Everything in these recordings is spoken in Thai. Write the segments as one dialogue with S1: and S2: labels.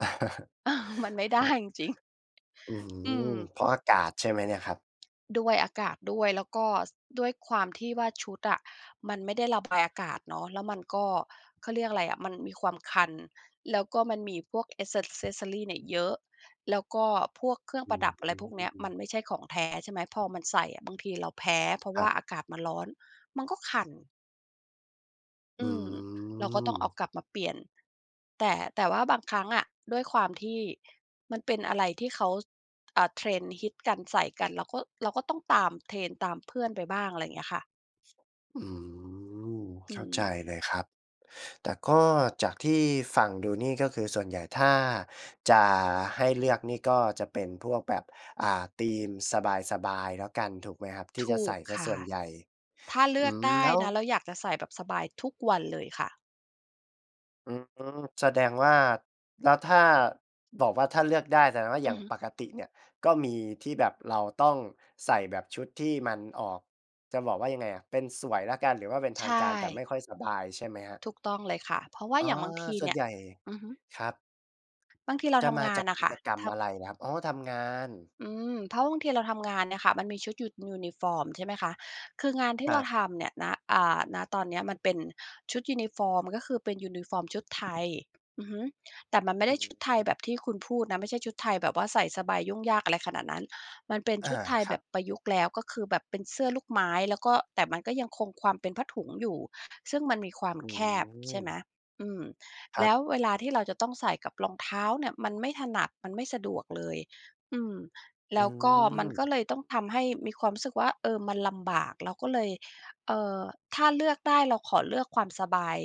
S1: อา มันไม่ไ
S2: พ
S1: ด้
S2: อ
S1: จริง
S2: อื้อฮ
S1: ๆ อื
S2: ื
S1: ม
S2: อ เพราะอากาศใช่ไหมเนี่ยครับ?
S1: ด้วยอากาศด้วย แล้วก็ ส ด้วยความที่ว่าชุดอะมันไม่ได้ ระบายอากาศเนาะ แล้วมันก็ เขาเรียกอะไรอะ มันมีความคัน แล้วก็มันมีพวก แอกเซส เซสซอรี เนี่ยเยอะ แล้วก็พวกเครื่อ
S2: อ
S1: ง
S2: ื
S1: ประดับ อะไรพวกเนี้ย มัน
S2: ม
S1: ไม่ใช่ของแท้ ใช่ไหม พอมันใส่อะบางทีเราแพ้ เพราะ
S2: ค
S1: ว
S2: ร
S1: ่
S2: ั
S1: า
S2: บ
S1: อากาศมันร้อน มันก็คัน
S2: อ
S1: อ
S2: ื
S1: ืม เราก็ต้องเอา
S2: ม
S1: กลับมาเปลี่ยน แต่ แต่ว่าบางครั้งอะ ด้วยความที่ มันเป็นอะไรที่เขา อ่า trend ฮิตกัน ใส่กัน เราก็ เราก็ต้องตาม trend ตามเพื่อนไปบ้าง อะไรอย่างเงี้ยค่ะ
S2: อืม
S1: อื
S2: เข้าใจ
S1: ม
S2: เลยครับ แต่ก็จากที่ฟังดูนี่ ก็คือส่วนใหญ่ถ้าจะให้เลือกนี่ ก็จะเป็นพวกแบบ อ่า ธีมสบาย ๆ แล้วกัน ถูกไหมครับ? ที่
S1: ถ
S2: จะ
S1: ู
S2: ใส
S1: ก
S2: ่เสี
S1: ค
S2: ยส
S1: ่ะ
S2: ่วนใหญ่
S1: ถ้าเล
S2: อ
S1: ื
S2: ื
S1: อก
S2: ม
S1: ได้
S2: แล้ว
S1: นะ เราอยากจะใส่แบบสบายทุกวันเลยค่ะ
S2: อือฮึ แสดง ว่า แล้วถ้าบอกว่า ถ้าเลือกได้ แสดงว่า
S1: อ
S2: อ
S1: ื
S2: ย่า
S1: อ
S2: ง
S1: ฮึ
S2: ปกติเนี่ยก็มีที่แบบเราต้องใส่แบบชุดที่มันออก จะบอกว่ายังไงอะ เป็นสวยแล้วกัน หรือว่าเป็นท
S1: ใช
S2: างการ แต่
S1: ่
S2: ไม่ค่อยสบายใช่ไหมครับ?
S1: ถูกต้องเลยค่ะ เพราะว่า
S2: อ๋อ
S1: อย่างบางที
S2: ส่
S1: เ
S2: ว
S1: น
S2: น
S1: ี่
S2: ใ
S1: ย
S2: หญ่
S1: อือฮึ
S2: ครับ
S1: บางทีเรา
S2: จะ
S1: ท
S2: ม
S1: ำ
S2: า
S1: งา
S2: จ
S1: น
S2: าก
S1: อ
S2: ก
S1: ะค
S2: ิ
S1: ่ะ
S2: จกรรม
S1: ทำ
S2: อะไรครับ? อ๋อ ทำงาน
S1: อืม เพราะบางทีเราทำงานเนี่ยค่ะ มันมีชุดยู ยูนิฟอร์ม ใช่ไหมคะ คืองาน ที
S2: ค
S1: ่
S2: ร
S1: เร
S2: ั
S1: า
S2: บ
S1: ทำเนี่ย ณ อ่า ณ ตอนนี้มันเป็นชุดยูนิฟอร์ม ก็คือเป็นยูนิฟอร์มชุด ไทย อือฮึ แต่มันไม่
S2: อ
S1: ไ
S2: ื
S1: ด
S2: อ
S1: ้
S2: ฮ
S1: ชุดไทยแบ
S2: ึ
S1: บที่คุณพูดนะ ไม่ใช่ชุดไทยแบบว่าใส่สไบยุ่งยากอะไรขนาดนั้น มันเป็น
S2: อา
S1: ชุดไทย
S2: คร
S1: แ
S2: ั
S1: บ
S2: บ
S1: บประยุกต์แล้ว ก็คือแบบเป็นเสื้อลูกไม้ แล้วก็ แต่มันก็ยังคงความเป็นผ้าถุงอยู่ ซึ่งมันมีความ
S2: อื
S1: แคบ ใช่ไหม
S2: ม
S1: อืม
S2: คร
S1: แล
S2: ับ
S1: ้วเวลาที่เราจะ ต้องใส่กับรองเท้าเนี่ยมันไม่ถนัด มันไม่สะดวกเลย อืม
S2: อื
S1: แล้วก็มัน
S2: ม
S1: ก็เลยต้อง ทำให้มีความรู้สึกว่า เออ มันลำบาก เราก็เลย เอ่อ ถ้าเลือกได้เราขอเลือกความสบาย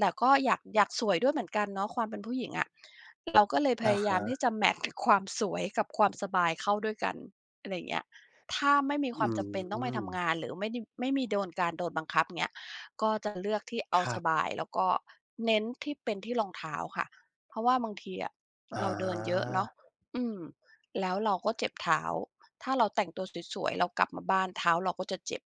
S1: แต่ก็อยาก อยากสวยด้วยเหมือนกันเนาะ ความเป็นผู้หญิงอะ เราก็เลยพ
S2: อ
S1: ย
S2: ะ
S1: า
S2: ฮ
S1: ยามที่
S2: ะ
S1: จะแมตช์ ความสวยกับความสบายเข้าด้วยกัน อะไรอย่างเงี้ย ถ้าไม่มี
S2: อื
S1: ความจำเป็นต้องไปทำง
S2: ม
S1: าน หรือไม่ได้ ไม่มีโดน การโดนบังคับ อย่างเงี้ย ก็จะเลือกที่เอา
S2: คร
S1: ส
S2: ับ
S1: บาย แล้วก็เน้นที่เป็น ที่รองเท้าค่ะ เพราะว่าบางทีอะ
S2: อ
S1: เราเดิน เยอะเนาะ
S2: า
S1: อืม แล้วเราก็เจ็บเท้า ถ้าเราแต่งตัวสวย ๆ เรากลับมาบ้าน เท้าเราก็จะเจ็บ